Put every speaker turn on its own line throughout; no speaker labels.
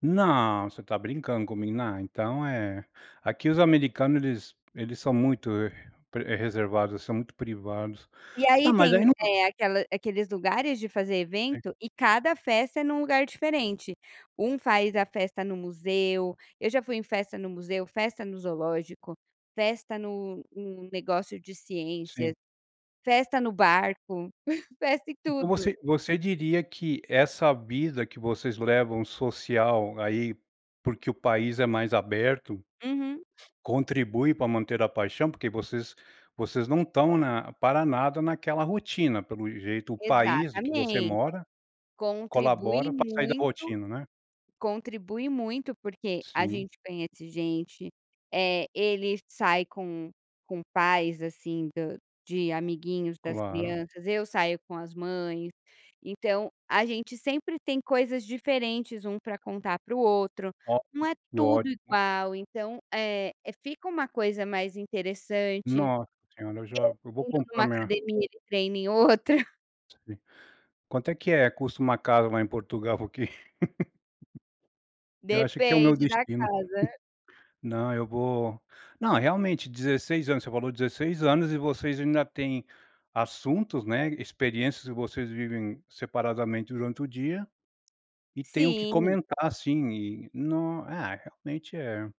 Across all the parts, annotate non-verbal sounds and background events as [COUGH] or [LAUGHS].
Não, você está brincando comigo, na então é, aqui os americanos eles eles são muito, eh, pre reservados, são muito privados.
E aí
Tá, mas
tem,
aí não
eh, aquela aqueles lugares de fazer
Sim.
evento, e cada festa é em um lugar diferente, um faz a festa no museu, eu já fui em festa no museu, festa no zoológico, festa no um negócio de ciências,
Sim.
festa no barco, [CHUCKLES] festa em
Então
tudo.
você você diria que essa vida que vocês levam social aí, porque o país é mais aberto,
Uhum.
contribui pra manter a paixão? Porque vocês vocês não estão na para nada naquela rotina, pelo jeito o país de que você
Exatamente,
mora,
contribui
colabora para sair da
muito,
rotina, né?
contribui muito, porque a
Sim.
gente conhece gente, eh, ele sai com com pais assim do de amiguinhos das
Claro.
crianças, eu saio com as mães, então a gente sempre tem coisas diferentes um pra contar para o outro,
Oti
não é
que
tudo
ótimo.
igual então, eh, fica uma coisa mais interessante. Eu
Nossa senhora, eu já eu vou
treino em
comprar
uma
minha
academia e treino em outra.
Sim. Quanto é que é custo uma casa lá em Portugal? Porque [LAUGHS] eu acho que é o meu
Depende da
destino.
casa.
[CHUCKLES] Não, eu vou não, realmente, 16 anos, você falou 16 anos e vocês ainda têm assuntos, né, experiências e vocês vivem separadamente durante o dia, e tem o que
Sim.
comentar, assim, e não, ah, realmente é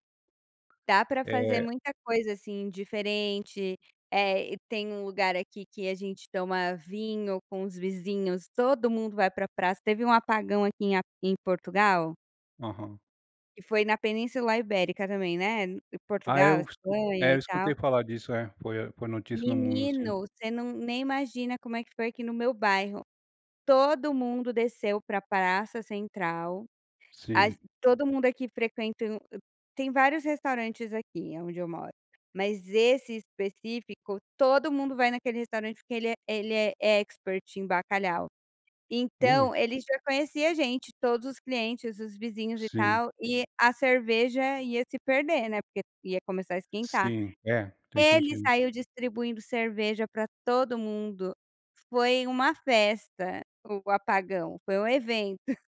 Dá para fazer
É
muita coisa, assim, diferente, eh, e tem um lugar aqui que a gente toma vinho com os vizinhos, mundo vai para praça, teve um apagão aqui em a em Portugal.
Aham.
Que foi na Península Ibérica também, né,
Ah é
Portugal,
es
Espanha
é,
e
eu
tal.
escutei falar disso é, foi foi notícia no mundo sim.
Menino, você não nem imagina como é que foi aqui no meu bairro, todo mundo desceu para praça central, a
Sim.
ge todo mundo aqui frequentam tem vários restaurantes aqui aonde eu moro, mas esse específico todo mundo vai naquele restaurante porque ele é ele é expert em bacalhau,
Ui.
então ele já conhecia a gente, todos os clientes, os vizinhos e
Sim.
tal, e a cerveja ia se perder, né, porque ia começar a esquentar.
Sim, é, tem
Ele
sentido.
saiu distribuindo cerveja para todo mundo, foi uma festa o apagão, foi um evento.